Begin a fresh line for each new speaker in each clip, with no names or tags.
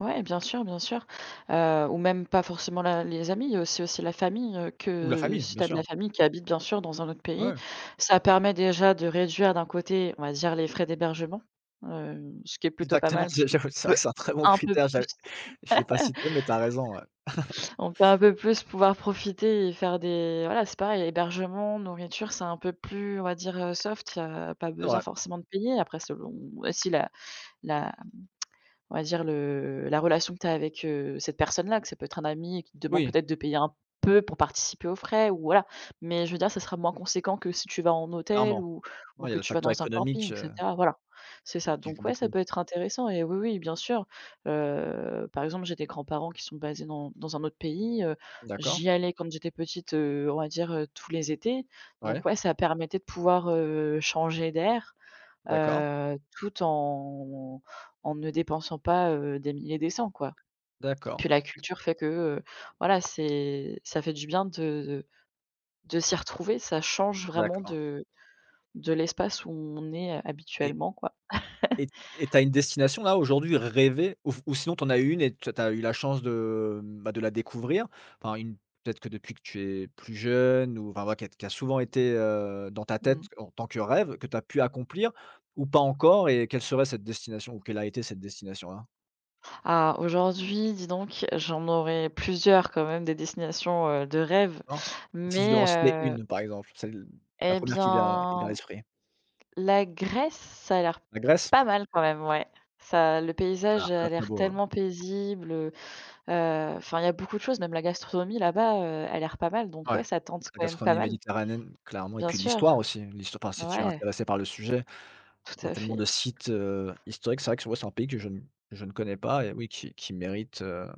Ouais bien sûr, bien sûr. Heu, ou même pas forcément la les amis, il y a aussi la famille, heu,
Ou la
que, heu,
famille,
si tu
bien
as de la
sûr.
famille qui habite bien sûr dans un autre pays,
Ouais.
ça permet déjà de réduire d'un côté, on va dire, les frais d'hébergement. Heu, ce qui est plutôt pas
Exactement,
mal
j'ai
parce qu'on
j'ai c'est vrai
peut
c'est un très bon
un peu
critère,
plus
j'ai je l'ai pas cité, mais tu as raison ouais.
on peut un peu plus pouvoir profiter et faire des voilà, c'est pareil. Hébergement, nourriture, c'est un peu plus, on va dire, heu, soft, heu, il y a pas
C'est
besoin
vrai.
forcément de payer. Après selon si la la on va dire le la relation que tu as avec, heu, cette personne-là. Que ça peut être un ami et qui te demande
Oui.
peut-être de payer un peu pour participer aux frais ou voilà, mais je veux dire ça sera moins conséquent que si tu vas en hôtel
Clairement.
ou ou
Ouais il y a
que
le
tu vas
facteur
dans un camping
économique,
et
heu
cetera, voilà. C'est
et
ça
qui
donc
joue
ouais, ça
beaucoup.
peut être intéressant et oui, oui, bien sûr. Heu, par exemple j'ai des grands-parents qui sont basés dans dans un autre pays. Heu,
D'accord.
j'y allais quand j'étais petite, heu, on va dire, heu, tous les étés donc
Ouais.
ouais, ça permettait de pouvoir, heu, changer d'air.
D'accord.
Heu, tout en en ne dépensant pas, heu, des mille et des cents quoi.
D'accord.
Puis la culture fait que, heu, voilà c'est ça fait du bien de de de s'y retrouver, ça change vraiment
D'accord.
de de l'espace où on est
Et
habituellement, quoi.
et t et tu as une destination là aujourd'hui, rêvée ou f ou sinon t'en as eu une et tu as eu la chance de, bah, de la découvrir? Enfin une peut-être que depuis que tu es plus jeune, ou enfin voilà qui a qui a souvent été, heu, dans ta
Mmh.
tête en tant que rêve, que tu as pu accomplir? Ou pas encore et quelle serait cette destination? Ou quelle a été cette destination là?
Ah, aujourd'hui, dis donc, j'en aurai plusieurs quand même, des destinations, heu, de rêve,
D'accord. Si tu devais en citer
mais, heu
une par exemple, celle la
et
1re qui vient qui te vient à
bien,
l'esprit.
la Grèce, ça a l'air
La Grèce.
pas mal quand même, ouai. Ça le
Ça a l'air
paysage a
très très
l'air
beau, hein.
tellement paisible. Heu, heu, enfin il y a beaucoup de choses, même la gastronomie là-bas, heu, a l'air pas mal, donc
Ouais,
ouais ça tente
la
quand même pas
gastronomie
mal.
méditerranéenne clairement et
Bien
puis
sûr.
l'histoire aussi. L'hist enfin si tu es
Ouais.
intéressé par le sujet. Il
Tout
y a
à
tellement
fait.
de sites, heu, historiques, c'est vrai que moi c'est un pays que je ne je ne connais pas et oui qui qui mérite, heu,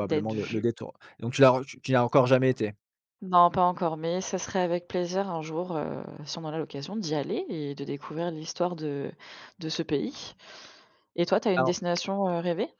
D'être
le le
vu.
détour. Donc tu l'as tu n'as encore jamais été?
Non pas encore, mais ça serait avec plaisir un jour, heu, si on en a l'occasion d'y aller et de découvrir l'histoire de de ce pays et toi tu as une
Alors
destination, heu, rêvée?